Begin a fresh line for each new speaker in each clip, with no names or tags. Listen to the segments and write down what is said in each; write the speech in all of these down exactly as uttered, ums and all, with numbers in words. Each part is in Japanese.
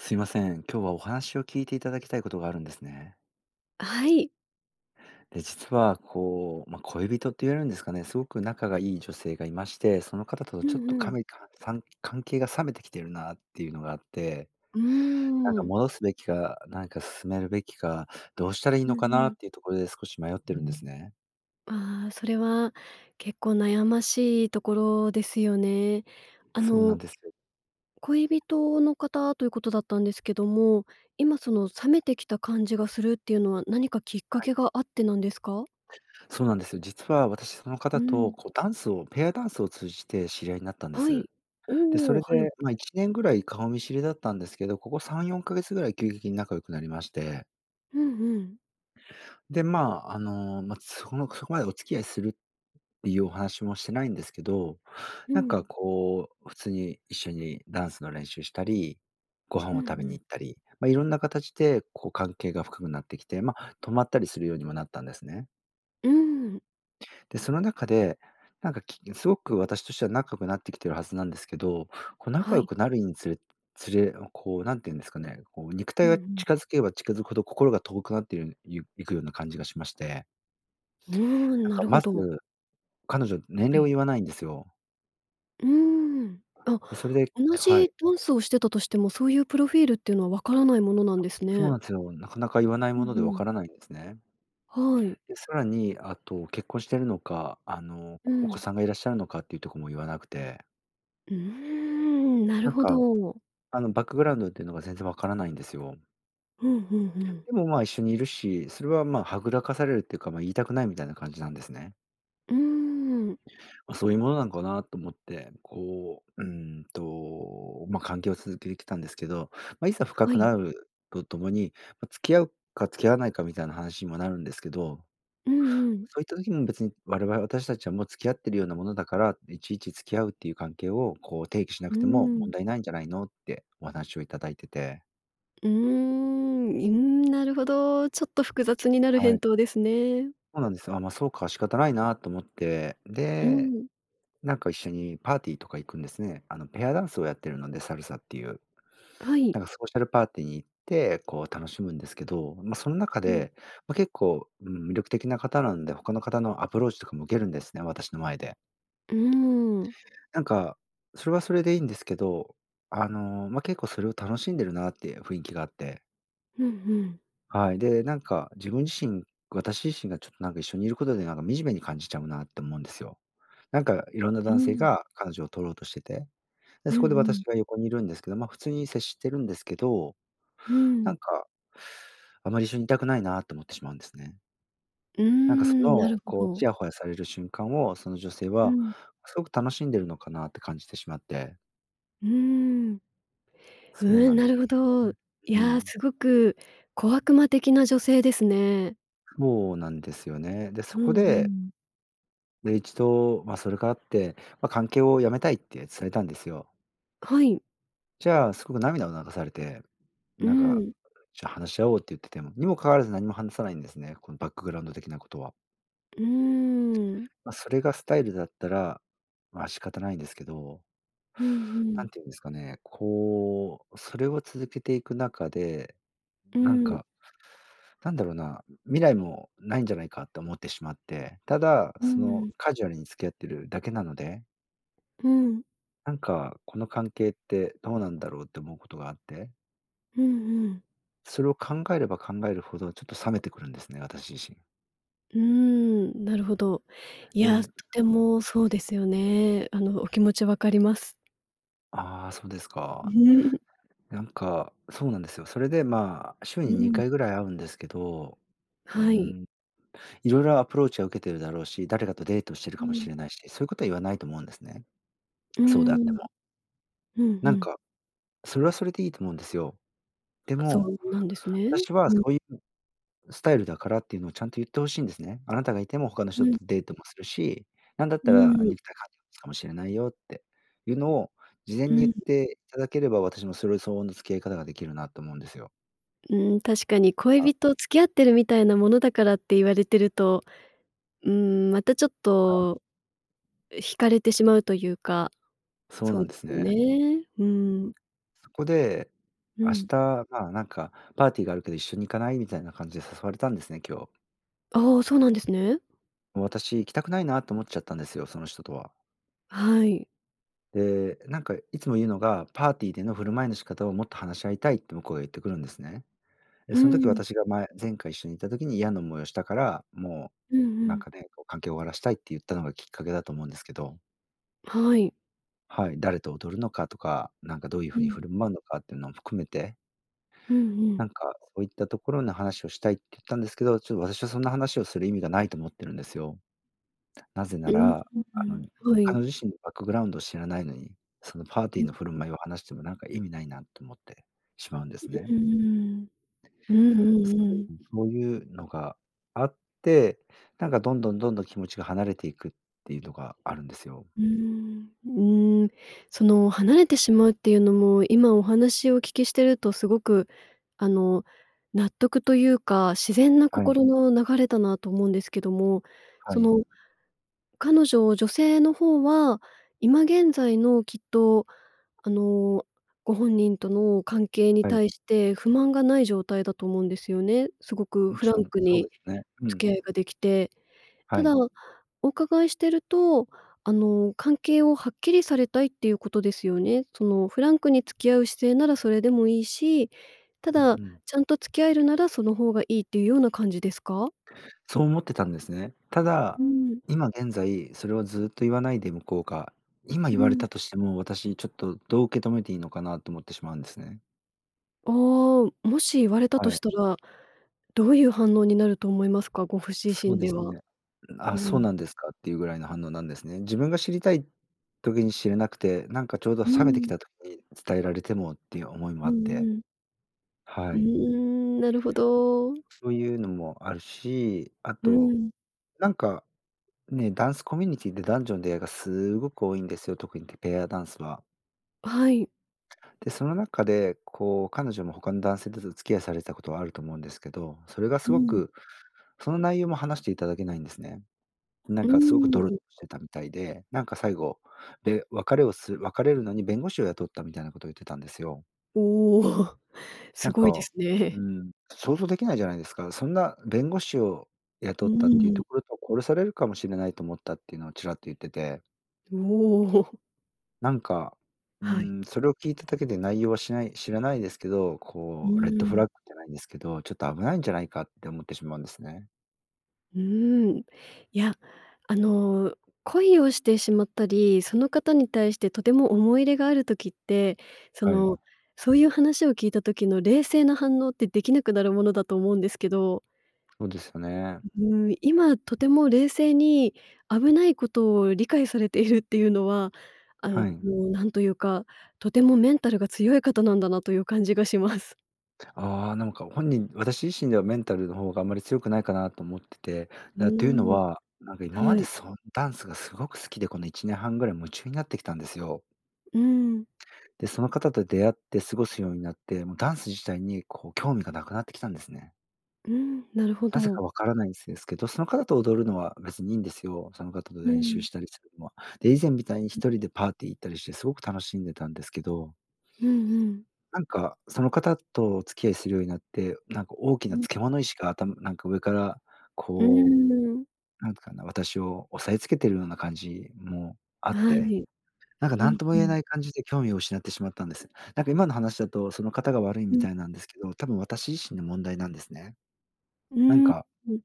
すいません。今日はお話を聞いていただきたいことがあるんですね。
はい。
で、実は、こう、ま、恋人って言えるんですかねすごく仲がいい女性がいまして、その方と
う
ちょっ
ん
と
う
か
ん。
むいかんさんかん関係が冷めてきてるなっていうのがあって。
うー
なんか、
ん。
戻すべきかなんか進めるべきか、どうしたらいい
う
のか
んう
な
ん。
っていうところで少し迷ってるんですね。
あ、それは結構悩ましいところですよね。あ
そうな
の
んですよ。
恋人の方ということだったんですけども、今その冷めてきた感じがするっていうのは何かきっか
はい。
けがあってなんですか？
そうなんですよ。実は私その
う
方と、
ん。
こう、ダンスをペアダンスを通じて知り合いになったんで
は
す。
い。
で、そ
おお、
れ
はい。
で、ま、いちねんぐらい顔見知りだったんですけど、ここさんよんかげつぐらい急激に仲良くなりまして
ふんふん。
で、ま、あの、ま、そこのそこまでお付き合いするっていうお話もしてないんですけど、
う
なんか、
ん。
こう、普通に一緒にダンスの練習したり、ご飯
う
を
んう
食べに
ん。
行ったり、ま、色んな形で、こう、関係が深くなってきて、ま、泊まったりするようにもなったんですね。
うん。
でその中でなんかきすごく私としては仲良くなってきているはずなんですけど、こう、
は
仲良
い。
くなるにつれつれおこう、何て言うんですかね、こう、肉
う
体
んう
が
ん、ん。
近づけば近づくほど心が遠くなってるいいくような感じがしまして
うーん、
なん
な
か
るほ
まず、
ど。
彼女年
は
齢を
い。
言わないんですよ。
うーん、あ、
で、それで
同
は
じ
い。
ダンスをしてたとしても、そういうプロフィールっていうのはわからないものな
あ、
んです
そう
ね。
なんすよ。なかなか言わない
うん
もので分
う
か
ん。
らないんですね。
はい。
で、さらに、あと結婚してるのか、あの、
う
お子
ん。
さんがいらっしゃるのかっていうとこも言わなくて
うーん、なる
なん
ほ
か、
ど。
あの、バックグラウンドっていうのが全然わからないんですよ。
ふんふんふん。
でも、ま、一緒にいるし、それは、ま、はぐらかされるっていうか、ま、言いたくないみたいな感じなんですね。
うーん。
ま、そういうものなんかなと思って、こう、うん、と、ま、関係を続けきたんですけど、ま、いざ深
は
く
い。
なるとともに、ま、付き合うか付き合わないかみたいな話にもなるんですけど
うんうん。
そういった時も別に「我々私たちはもう付き合っているようなものだから、いちいち付き合うっていう関係を、こう、提起しな
う
くても問
ん。
題ないんじゃないの」ってお話をいただいてて
うーん。うーん、なるほど。ちょっと複雑になる
は
返
い。
答ですね。
そうなんですよ。あ、ま、そうか、仕方ないなと思って。
う
で、
ん。
なんか一緒にパーティーとか行くんですね。あのペアダンスをやってるので、サルサっていう。
はい。
なんかソーシャルパーティーに行って、こう楽しむんですけど、ま、その中
うん。
で、ま、結構、ん、魅力的な方なんで、他の方のアプローチとかも受けるんですね、私の前で。
うーん。
なんかそれはそれでいいんですけど、あの、ま、結構それを楽しんでるなっていう雰囲気があって。
うんうん。
はい。で、なんか自分自身、私自身がちょっとなんか一緒にいることでなんか惨めに感じちゃうなと思うんですよ。なんかいろんな
う
男性
ん。
が彼女を取ろうとしてて、で、
うん
そこで
うん。
私が横にいるんですけど、ま、普通に接してるんですけど、
う
な
ん。
んかあまり一緒にいたくないなと思ってしまうんですね。
うー
なんかそ
ん、な
の、
るほ
こう
ど。
チヤホヤされる瞬間を、その女性
う
は
ん。
すごく楽しんでるのかなって感じてしまって。
うーん。
そう
う
な
ん、
ん
な
で
る
す
ほ
よ
ど。い
ね。う
や
ん。
すごく小悪魔的な女性ですね。
そうなんですよね。で、そ
う
こ
んう
で
ん。
で、一度、ま、それがあって、ま、関係をやめたいってされたんですよ。
はい。
じゃ、すごく涙を流されて、
う
なんか
ん。
「じゃ、話し合おう」って言ってても、にも関わらず何も話さないんですね、このバックグラウンド的なことは。
うーん。
ま、それがスタイルだったら、ま、仕方ないんですけど。
うんう
なん
ん。
て言うんですかね。こう、それを続けていく中で、
う
なん
ん。
か、なんだろうな、未来もないんじゃないかと思ってしまって。ただ
う
その
ん。
カジュアルに付き合っているだけなので。
うん。
何かこの関係ってどうなんだろうって思うことがあって。
うんうん。
それを考えれば考えるほど、ちょっと冷めてくるんですね、私自身。
うーん、なるほど。い
で
や、
う
で
ん。
もそうですよね。あの、お気持ち分かります。
ああ、そうですか。なんか、そうなんですよ。それで、ま、週
う
にに
ん。
かいぐらい会うんですけど、うー
はい。
ん、いろいろアプローチは受けてるだろうし、誰だってデートしてる
う
かも
ん。
しれないし、そういうことは言わないと思うんですね、
うー
そうであって
ん。
も。
うんう
なん
ん。
か、それはそれでいいと思うんですよ。で
あ、そ
も、
うなんですね？
「私は
う
そ
ん。
ういうスタイルだから」っていうのをちゃんと言って欲しいんですね。「あなたがいても他の
う
人
ん。
とデートもするし、なんだっ
うー
たら
ん。
肉体関係持つかもしれないよ」っていうのを事前
う
に
ん
言っ
ん。
ていただければ、私もそれ相応の付き合い方ができるなと思うんですよ。
ん、確かに恋
あ。
人、付き合ってるみたいなものだからって言われてると、ん、またちょっ
はい。
と引かれてしまうというか、
そう
そ
な
う
ん
で
です
すよ
ね。
ね、うん。
そこで
う
「明
ん。
日はなんかパーティーがあるけど一緒に行かない」みたいな感じで誘われたんですね、今日。
あ、そうなんですね。
私、行きたくないなと思っちゃったんですよ、その人とは。
はい。
で、なんかいつも言うのが「パーティーでの振る舞いの仕方をもっと話し合いたい」って向こうが言ってくるんですね。で
う
そん時
ん。
私がまえ前回一緒にいた時に嫌な思いをしたから、も
うんう
うなん
ん。
かね、こう、関係を終わらせたいって言ったのがきっかけだと思うんですけど。
はい。
はい。誰と踊るのかとか、何かどういうふ
う
うに
ん。
振る舞うのかっていうのも含めて
うんう
な
ん。
んか、「そういったところの話をしたい」って言ったんですけど、ちょっ私はそんな話をする意味がないと思ってるんですよ。なぜな
うん、
ら、あ
ん、
の、
ん、は
彼
い。
女自身のバックグラウンドを知らないのに、そのパーテ
う
ィー
ん。
の振る舞いを話してもなんか意味ないなと思ってしまうんですね。
ん、ん、うーん、うんう
す
んうん。
そういうのがあって、なんかどんどんどんどん気持ちが離れていくっていうのがあるんですよ。
うーん、うーん、その離れてしまうっていうのも、今お話をお聞きしてるとすごく、あの、納得というか、自然な
はい。
心の流れだなと思うんですけども
は
そ
い。
の彼女、女性の方は、今現在のきっと、あの、ご本人との関係に
はい。
対して不満がない状態だと思うんですよね。すごく
も
フ
ち
ラ
ろ
ン
ん、
ク
そうで
に
すね。うん。
付き合いができて。た
は
だ
い。
お伺いしてると、あの、関係をはっきりされたいっていうことですよね？そのフランクに付き合う姿勢ならそれでもいいし、た
うん、
だ
うん。
ちゃんと付き合えるならその方がいいっていうような感じですか？
そう思ってたんですね。た
う
だ
ん。
今現在それをずっと言わないで向こうが、今言
う
われ
ん。
たとしても、私ちょっとどう受け止めていいのかなと思ってしまうんですね。
ああ、もし言われたと
はい。
したらどういう反応になると思いますか？ごふ自
そう
身
で
で
す
は。
ね。ん
う
あ、そう
ん。
なんですかっていうぐらいの反応なんですね。自分が知りたい時に知れなくて、なんかちょうど
う
冷めてき
ん。
た時に伝えられてもっていう思いも
う
あっ
ん
て、
うん。
は
うー
い。
ん、なるほど。
そういうのもあるし、あ
う
と
ん。
なんか、ね、ダンスコミュニティって男女の出会いがすごく多いんですよ、特にてペアダンスは。
はい。
でその中で、こう、彼女も他の男性とず付き合いされてたことはあると思うんですけど、それが
う
すご
ん。
くその内容も話していただけないんですね。な
う
ん
ー
かすごくドロッ
ん。
てたみたいで、なんか最後べ別れをする別れるのに弁護士を雇ったみたいなことを言ってたんですよ。
おおおお。
な
す
ん
ごいで
か、
すね。
ん、想像できないじゃないですか？そんな弁護士を
う
雇ったっていう
ー
と
ん。
ころと「殺されるかもしれないと思った」っていうのをちらっと言ってて
おお。
なんか、
はい。
ん、それを聞いただけで内容はしない知らないですけど、
う
こう、レッド
ー
フラッ
ん。
グじゃないんですけど、ちょっと危ないんじゃないかって思ってしまうんですね。
うーん。いや、あの恋をしてしまったり、その方に対してとても思い入れがある時って、そ
は
の
い。
そういう話を聞いた時の冷静な反応ってできなくなるものだと思うんですけど。
そうですよね。
う、うーん、今とても冷静に危ないことを理解されているっていうのは、あの、
はい。
なんというか、とてもメンタルが強い方なんだなという感じがします。
ああ、なんか本人私自身ではメンタルの方があんまり強くないかなと思ってて、
うー
だというの
ん、
は、なんか今ま
は
で
い。
そのダンスがすごく好きで、このいちねんはんぐらい夢中になってきたんですよ。
うん。
で、その方と出会って過ごすようになって、もうダンス自体にこう興味がなくなってきたんですね。
うん、なるほ
なぜか
ど。
分からないんです、ですけど、その方と踊るのは別にいいんですよ。その方と
う
練習
ん。
したりするのは。で、以前みたいにひとりでパーティー行ったりして、すごく楽しんでたんですけど。
うんうん。
なんかその方とお付き合いするようになって、なんか大き
う
な
ん。
漬物石が、あたなんか、上から、
うー
こ
ん。
う、なんかな、私を押さえつけているような感じもあっ
は
て、
い。
なんか、
う
何
ん
とも
う
言え
ん。
ない感じで興味を失ってしまったんです。なんか、今の話だとその方が悪い
う
み
ん。
たいなんですけど、多分、私自身の問題なんですね。
うー
なん
ん。
か
うん。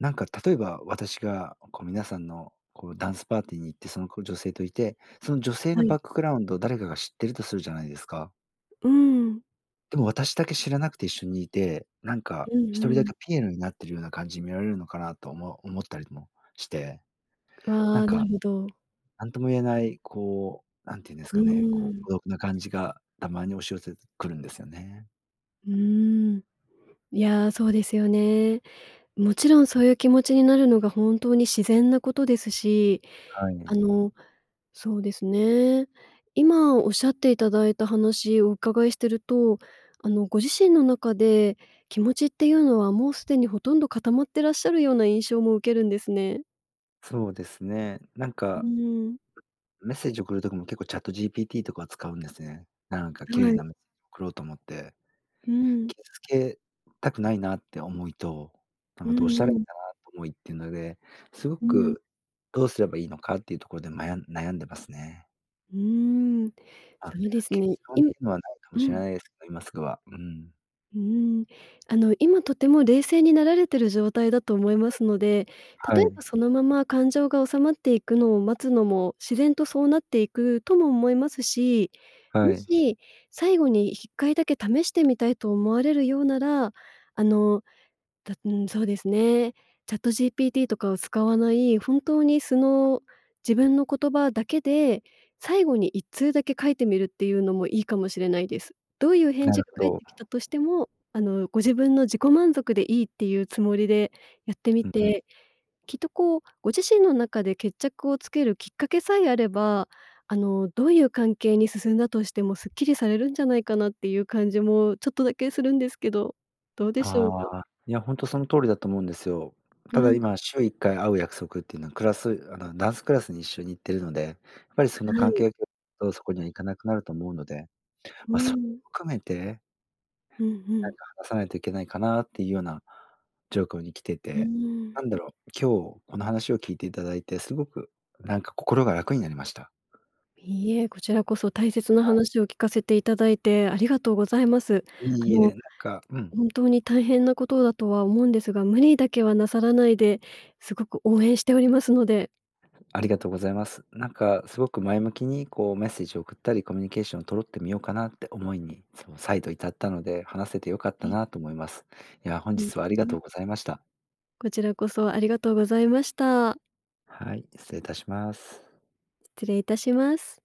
なんか例えば、私がこう皆さんの、こう、ダンスパーティーに行って、その、こう、女性といて、その女性
は
のバ
い。
ックグラウンドを誰かが知ってるとするじゃないですか。
うーん。
でも私だけ知らなくて一緒にいて、なんか、
う
ひと
んう
りだ
ん。
けピエロになってるような感じに見られるのかなとも、思ったりもして。
あ
なん
あ、な
か、
るほど。
何とも言えない、こう、何て言うんです
う
かね。こ
ー
う
ん。
孤独な感じがたまに押し寄せてくるんですよね。
うーん。いや、そうですよね。もちろんそういう気持ちになるのが本当に自然なことですし、
は
あ
い。
の、そうですね。今おっしゃっていただいた話をお伺いしてると、あの、ご自身の中で気持ちっていうのはもうすでにほとんど固まってらっしゃるような印象も受けるんですね。
そうですね。なん
う
か
ーん。
メッセージを送る時も結構 ChatGPT とかは使うんですね。なんか綺麗
はい。
なメッセージ送ろうと思って。
うん。
傷つけたくないなって思いと、なん
う
か、どうしたらい
んう
いか
ん。
なっと思いっていうので、すご
うん。
くどうすればいいのかっていうところで、まや悩んでますね。
うーん。
あっ、
そうです
結
ね。
論ってい
今
うのはないかも
う
しれ
ん。
ないですけど、今すぐは。うん。
うん、あの、今とても冷静になられている状態だと思いますので、
は
例え
い。
ばそのまま感情が収まっていくのを待つのも、自然とそうなっていくとも思いますし、
は
も
い。
し、最後にいっかいだけ試してみたいと思われるようなら、あの、たうん、そうですね。チャットジーピーティーとかを使わない、本当に素の自分の言葉だけで、最後にいっつうだけ書いてみるっていうのもいいかもしれないです。どういう返
なる
事が
ほ
返っ
ど。
てきたとしても、あの、ご自分の自己満足でいいっていうつもりでやってみ
うんうん。
て、きっと、こう、ご自身の中で決着をつけるきっかけさえあれば、あの、どういう関係に進んだとしてもすっきりされるんじゃないかなっていう感じもちょっとだけするんですけど、どうでしょうか？
あ、いや、ほんとその通りだと思うんですよ。
う
ただ
ん。
今、週いっかい会う約束っていうのはクラスあの、ダンスクラスに一緒に行っているので、やっぱりその
は
関
い。
係上どうそこには行かなくなると思うので、
う
ま、そ
ん。
含めて
うんう
何
ん。
か話さないといけないかなっていうようなじょうこうに来て
うー
て、
ん。
なんだろう、今日この話を聞いていただいて、すごくなんか心が楽になりました。
いいえ、こちらこそ大切な
はい。
話を聞かせていただいてありがとうございます。あ
いいえ、
の、
なんかうん。
本当に大変なことだとは思うんですが、無理だけはなさらないで、すごく応援しておりますので。
ありがとうございます。なんかすごく前向きに、こう、メッセージを送ったりコミュニケーションを取ろってみようかなって思いに、そう、再度至ったので、話せて良かっ
は
た
い。
なと思います。いや、本
ん、
日はありが
[unintelligible]
とうございました。
こちらこそありがとうございました。
はい、失礼いたします。
失礼いたします。